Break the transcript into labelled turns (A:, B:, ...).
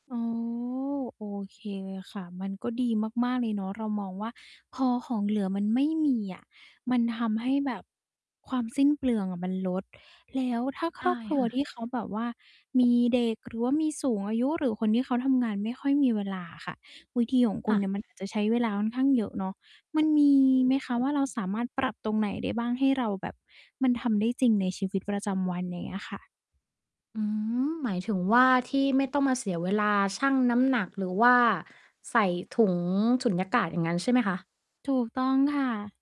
A: อ๋อ โอเคค่ะ มันก็ดีมาก ๆ เลยเนาะ เรามองว่า พอของเหลือมันไม่มีอะ มันทำให้แบบความสิ้นเปลืองอะมันลด แล้วถ้าค
B: ได
A: รอ
B: ้
A: บครัว
B: ค่ะ
A: ที่เขาแบบว่ามีเด็ก หรือว่ามีสูงอายุ หรือคนที่เขาทำงานไม่ค่อยมีเวลาอะค่ะ วิธีของค
B: ค
A: ุณ
B: ่
A: เ
B: ะ
A: นี่ยมัน อาจ จะใช้เวลาค่อนข้างเยอะเนาะ มันมีไหมคะว่า เราสามารถปรับตรงไหนได้บ้าง ให้เราแบบ มันทำได้จริงใน ชีวิตประจำวัน อย่างเงี้ยค่ะ?
B: อืม หมายถึงว่า ที่ไม่ต้องมาเสียเวลาชั่งน้ำหนัก หรือว่าใส่ถุงสุญญากาศ อย่างงั้นใช่ไหมคะ?
A: ถูกต้องค่ะ